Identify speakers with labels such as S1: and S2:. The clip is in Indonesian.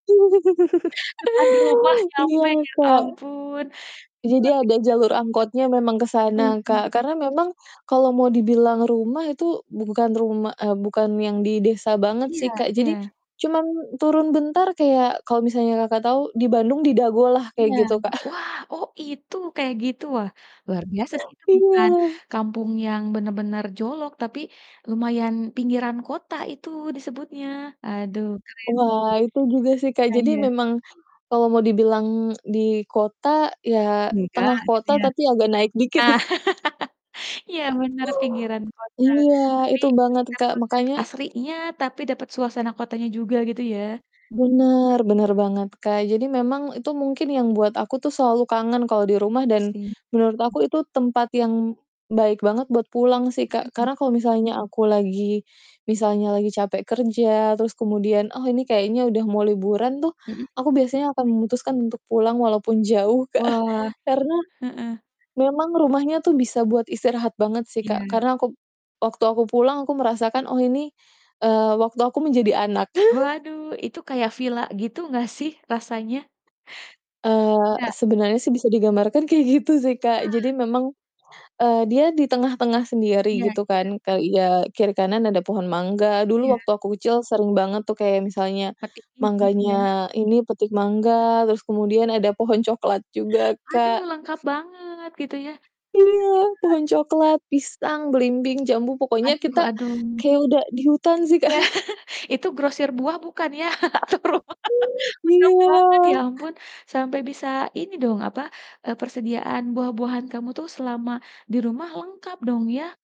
S1: Depan rumah
S2: Iya,
S1: nyampe, ya
S2: Kak.
S1: ampun, luar
S2: Jadi ada jalur angkotnya memang ke
S1: biasa banget.
S2: sana,
S1: Hmm, mmm
S2: Kak.
S1: mmm.
S2: Karena memang, kalau mau dibilang rumah itu, bu bukan rumah, eee, bukan yang di desa banget
S1: Iya
S2: sih, Kak. Jadi,
S1: iya.
S2: cuman turun bentar kayak kalau misalnya Kakak tahu di Bandung di Dago lah, kayak
S1: Iya,
S2: gitu Kak.
S1: wah, oh itu kayak gitu, wah luar biasa sih, itu bukan
S2: Iya.
S1: kampung yang benar-benar jolok, tapi lumayan pinggiran kota itu disebutnya, aduh, keren
S2: Wah, itu juga sih Kak.
S1: Ah
S2: Jadi
S1: iya.
S2: memang kalau mau dibilang di kota, ya
S1: Enggak
S2: tengah
S1: gitu
S2: kota,
S1: ya.
S2: tapi agak naik dikit.
S1: Iya benar pinggiran kota,
S2: Iya,
S1: tapi
S2: itu banget Kak.
S1: dapat hat
S2: Makanya
S1: asrinya, tapi dapat suasana kotanya juga, gitu ya.
S2: Benar, benar banget Kak. Jadi memang itu mungkin yang buat aku tuh selalu kangen kalau di rumah dan,
S1: Asri.
S2: menurut aku itu tempat yang baik banget buat pulang sih Kak.
S1: Mhm.
S2: Karena kalau misalnya aku lagi misalnya lagi capek kerja, terus kemudian, oh ini kayaknya udah mau liburan tuh,
S1: Mhm.
S2: aku biasanya akan memutuskan untuk pulang, walaupun jauh, Kak.
S1: Wah,
S2: Karena,
S1: heeh.
S2: memang rumahnya tuh bisa buat istirahat banget sih Kak.
S1: Iya.
S2: Karena aku waktu aku pulang, aku merasakan, "Oh ini, eee, waktu aku menjadi anak."
S1: Waduh, itu kayak villa gitu nggak sih rasanya?
S2: Eee,
S1: Enggak?
S2: sebenarnya sih bisa digambarkan kayak gitu sih Kak. Jadi
S1: Wah.
S2: memang, eee, dia di tengah-tengah sendiri
S1: Iya
S2: gitu
S1: iya.
S2: kan, kayak, ya, kiri kanan ada pohon mangga. Dulu
S1: Iya.
S2: waktu aku kecil sering banget tuh kayak misalnya
S1: [unintelligible] Iya.
S2: mangganya ini, petik mangga, terus kemudian ada pohon coklat juga
S1: Aduh,
S2: kak.
S1: lengkap banget gitu ya, iya.
S2: Iya, pohon coklat, pisang, belimbing, jambu, pokoknya
S1: Aduh
S2: kita
S1: aduh.
S2: kayak udah di hutan sih kak.
S1: Ya, itu grosir buah bukan ya? Atau rumah. Lengkap banget, ya
S2: Iya.
S1: ampun, sampai bisa ini dong, apa, eee, persediaan buah-buahan kamu tuh selama di rumah lengkap dong ya?